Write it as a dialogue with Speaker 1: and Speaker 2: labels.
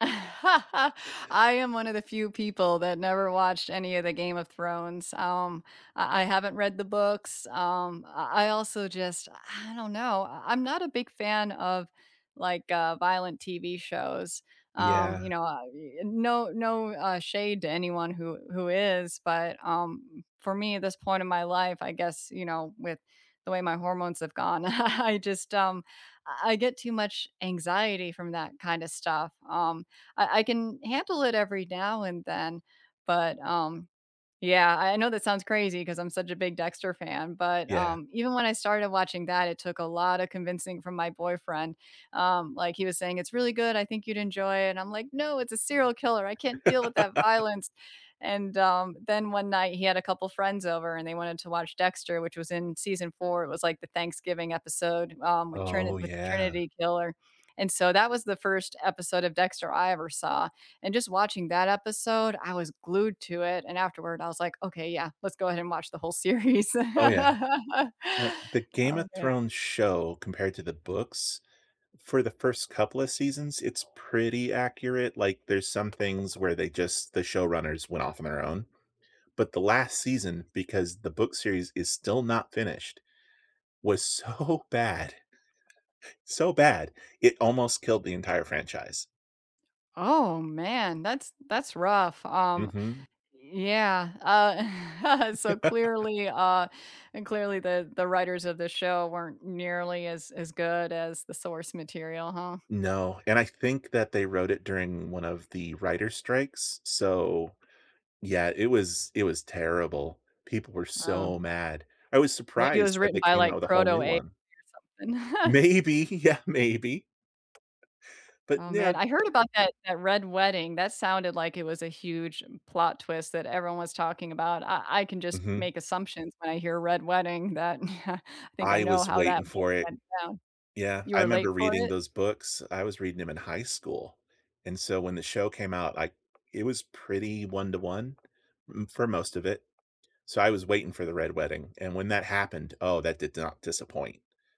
Speaker 1: I am one of the few people that never watched any of the Game of Thrones. Um, I I haven't read the books, um, I I also just I don't know. I I'm not a big fan of, like, uh, violent TV shows. um, you
Speaker 2: Yeah.
Speaker 1: know, uh, e and no no, uh, shade to anyone who who is, but, um, for me at this point in my life, I guess, you know, with the way my hormones have gone, I I just, um, I get too much anxiety from that kinda stuff, um, I I can handle it every now and then, but, um Yeah, I know that sounds crazy 'cause I'm such a big Dexter fan, but,
Speaker 2: Yeah.
Speaker 1: um, even when I started watching that, it took a lotta convincing from my boyfriend. Um, like he was saying, "It's really good, I think you'd enjoy it," I'm like, "No, it's a serial killer, I can't deal with that violence," and, um, then one night he had a couple friends over and they wanted to watch Dexter, which was in season 4, it was, like, the Thanksgiving episode, um, with
Speaker 2: Oh,
Speaker 1: Trini with the
Speaker 2: yeah.
Speaker 1: Trinity Killer, and, so that was the 1st episode of Dexter I ever saw, and, just watching that episode, I was glued to it, and afterward, I was like, "Okay, yeah, let's go ahead and watch the whole series."
Speaker 2: Oh, yeah. The The Game of
Speaker 1: Oh, man.
Speaker 2: Thrones show compared to the books, for the first couple of seasons, it's pretty accurate, like, there's some things where they just the showrunners went off on their own, but the last season, because the book series is still not finished, was so bad, so bad, it almost killed the entire franchise.
Speaker 1: Oh, man, that's that's rough, um,
Speaker 2: Mhm.
Speaker 1: yeah. Uh, so clearly, uh and clearly, the the writers of the show weren't nearly as as good as the source material, huh?
Speaker 2: No, and I think that they wrote it during one of the writer strikes, so, yeah, it was it was terrible. People were
Speaker 1: Oh.
Speaker 2: so mad. I was
Speaker 1: Maybe it was
Speaker 2: surprised that
Speaker 1: written
Speaker 2: they
Speaker 1: by,
Speaker 2: came out
Speaker 1: like,
Speaker 2: with a whole
Speaker 1: Proto
Speaker 2: new
Speaker 1: AI,
Speaker 2: one.
Speaker 1: or something.
Speaker 2: Maybe, yeah, maybe, but,
Speaker 1: Oh man,
Speaker 2: now
Speaker 1: I heard about that that Red Wedding, that sounded like it was a huge plot twist that everyone was talking about. I I can just
Speaker 2: Mhm.
Speaker 1: make assumptions when I hear "Red Wedding" that I think I
Speaker 2: I
Speaker 1: know
Speaker 2: was
Speaker 1: how
Speaker 2: waiting
Speaker 1: that would
Speaker 2: for
Speaker 1: have
Speaker 2: it.
Speaker 1: went down.
Speaker 2: Yeah,
Speaker 1: You
Speaker 2: I
Speaker 1: were
Speaker 2: remember
Speaker 1: late for
Speaker 2: reading
Speaker 1: it?
Speaker 2: those books; I was reading 'em in high school, and, so when the show came out, I it was pretty one-to-one, mm, for most of it, so, I was waiting for the Red Wedding, and when that happened, oh, that did not disappoint.